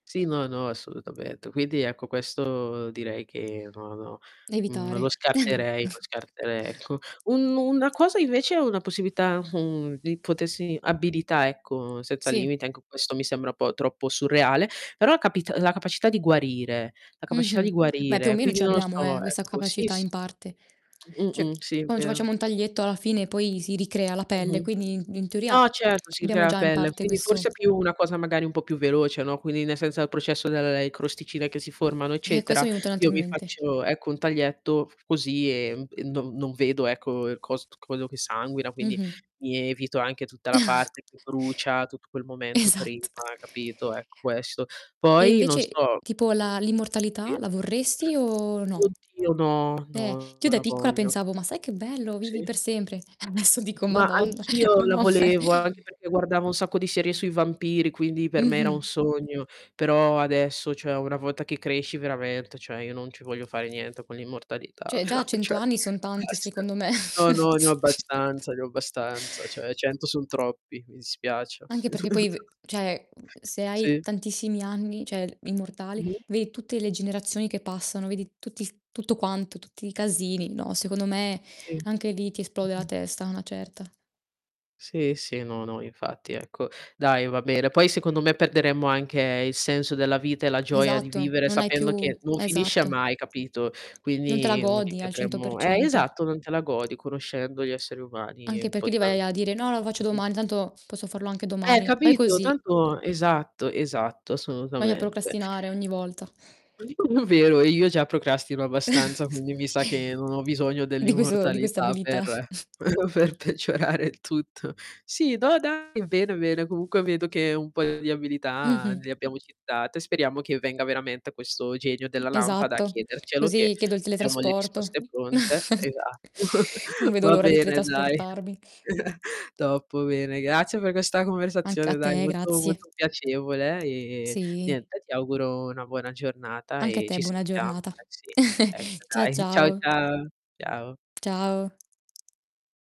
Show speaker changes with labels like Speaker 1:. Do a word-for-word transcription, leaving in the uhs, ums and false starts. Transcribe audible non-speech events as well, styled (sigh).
Speaker 1: Sì no, no, assolutamente. Quindi, ecco, questo direi che, no, no, mhmm, non lo
Speaker 2: Evitare.
Speaker 1: scarterei, lo
Speaker 2: (chuckles)
Speaker 1: scartere ecco. Un una cosa invece una possibilità, uhm, di potessi abilità, ecco, seza
Speaker 2: Sì.
Speaker 1: limiti, anch questo mi sembra po' troppo surreale, però a capit la capacità di guarire, la capascità di
Speaker 2: Mh-mh. Beh, più o
Speaker 1: guarire.
Speaker 2: meno
Speaker 1: Quindi,
Speaker 2: ce
Speaker 1: non lo so,
Speaker 2: l'abbiamo, eh, questa
Speaker 1: ecco, sì,
Speaker 2: capacità
Speaker 1: s
Speaker 2: in parte. ceh,
Speaker 1: Mh-mh. Sì, è
Speaker 2: quando ci
Speaker 1: vero.
Speaker 2: facciamo un taglietto alla fine poi si ricrea la pelle,
Speaker 1: Mh-mh.
Speaker 2: quindi i in teoria
Speaker 1: No, certo, si
Speaker 2: abbiamo
Speaker 1: crea a
Speaker 2: già in
Speaker 1: pelle,
Speaker 2: parte
Speaker 1: quindi
Speaker 2: questo
Speaker 1: forse è più una cosa magari un po' più veloce, no, quindi ne senza processo delle crosticine che si formano,
Speaker 2: Ecco, aesso
Speaker 1: eccetera,
Speaker 2: mi è enuto un altro
Speaker 1: io
Speaker 2: in
Speaker 1: mi
Speaker 2: mente.
Speaker 1: faccio, ecco, un taglietto così emb e non non vedo, ecco, il cos quello che sanguina, quindi
Speaker 2: Mh-mh.
Speaker 1: mi evito anche tutta la parte
Speaker 2: (chuckles)
Speaker 1: che brucia, tutt quel momento prima,
Speaker 2: Esatt
Speaker 1: capito, ecco, questo.
Speaker 2: E
Speaker 1: Poi, non
Speaker 2: invece,
Speaker 1: so.
Speaker 2: tipo, la l'immortalità
Speaker 1: I?
Speaker 2: la vorresti o no?
Speaker 1: Oddio, no,
Speaker 2: Beh,
Speaker 1: no,
Speaker 2: ch io
Speaker 1: non
Speaker 2: da
Speaker 1: la
Speaker 2: piccola
Speaker 1: voglio.
Speaker 2: pensavo: "Ma sai che bello, vivi
Speaker 1: Sì.
Speaker 2: per sempre." E adesso dico:
Speaker 1: Ma
Speaker 2: "Madonna,
Speaker 1: anch'io
Speaker 2: ma
Speaker 1: la
Speaker 2: non me"
Speaker 1: volevo, anche peché guardavo un sacco di serie sui vampiri, quindi per me era
Speaker 2: Mh-mh.
Speaker 1: un sogno. Però adesso, cioè, una votta che cresci veramente cioè io non ci voglio fare niente con l'immortalità,
Speaker 2: ceh, già a
Speaker 1: però
Speaker 2: cento
Speaker 1: ceh,
Speaker 2: anni son tanti
Speaker 1: (unintelligible)
Speaker 2: secondo me.
Speaker 1: No, no, ne ho abbastanza, ne ho
Speaker 2: (chuckles)
Speaker 1: abbastanza. Cioè, cento son troppi, mi dispiace.
Speaker 2: Anche perché poi, ve
Speaker 1: (chuckles)
Speaker 2: ceh, mhmm, se hai
Speaker 1: Sì.
Speaker 2: tantissimi anni ceh, immortale,
Speaker 1: Mh-mh.
Speaker 2: vei tutte le generazioni che passano, vedi tutti tutto quanto, tutti i casini. No, secondo me,
Speaker 1: Sì.
Speaker 2: anche lì ti esplode la
Speaker 1: Mh-mh.
Speaker 2: testa a una certa.
Speaker 1: Sì, sì no, no, infatti, ecco. Dai, va bene. Poi, secondo me, perderemmo anche il senso della vita e la gioia di
Speaker 2: Esatto,
Speaker 1: vivere
Speaker 2: non hai
Speaker 1: sapendo
Speaker 2: più
Speaker 1: che non finisce
Speaker 2: esatto.
Speaker 1: mai, capito,
Speaker 2: Non te la
Speaker 1: quindi, mhmm,
Speaker 2: godi al cento per
Speaker 1: ricadremmo Eh,
Speaker 2: cento.
Speaker 1: esatto, non te la godi conoscendo gli esseri umani
Speaker 2: Anche
Speaker 1: un po'
Speaker 2: peché lì
Speaker 1: tral
Speaker 2: vai a a dire: "No, lo faccio
Speaker 1: Mh-mh.
Speaker 2: domani, tanto posso farlo anche
Speaker 1: Eh,
Speaker 2: domani, vai
Speaker 1: capito?
Speaker 2: così."
Speaker 1: Tanto Esatto, esatto,
Speaker 2: Vai a
Speaker 1: assonutamente.
Speaker 2: procrastinare ogni volta.
Speaker 1: (chuckles) Vero, e io già procrastino abbastanza,
Speaker 2: (chuckles)
Speaker 1: quindi mi sa che non ho bisogno
Speaker 2: Di questo di questa
Speaker 1: dell'immortalità
Speaker 2: abilità.
Speaker 1: per
Speaker 2: (chuckles)
Speaker 1: (chuckles) per peggiorare il tutto. Sì, do dai, bene, bene, comunque, vedo che un poio di abilità n le
Speaker 2: Mh-mh.
Speaker 1: abbiamo citate. Speriamo che venga veramente questo genio della lampada a
Speaker 2: Esatto,
Speaker 1: chiedercelo, che
Speaker 2: così chiedo il
Speaker 1: abbiamo le
Speaker 2: teletrasporto.
Speaker 1: risposte pronte,
Speaker 2: (chuckles)
Speaker 1: esatto. (chuckles)
Speaker 2: Non vedo
Speaker 1: Va
Speaker 2: l'ora di
Speaker 1: bene, dai.
Speaker 2: teletrasportarmi.
Speaker 1: (chuckles) Top bene, grazie per questa
Speaker 2: Anch a
Speaker 1: conversazione, dai,
Speaker 2: te,
Speaker 1: molto,
Speaker 2: grazie.
Speaker 1: molto piacevole e,
Speaker 2: Sì.
Speaker 1: niente, ti auguro una buona giornata
Speaker 2: Anche a
Speaker 1: e ci
Speaker 2: te, buona
Speaker 1: sentiamo.
Speaker 2: giornata.
Speaker 1: Eh, sì. Ecco
Speaker 2: (chuckles) Cia
Speaker 1: dai, ciao
Speaker 2: ciao.
Speaker 1: ciao. Ciao.
Speaker 2: Ciao.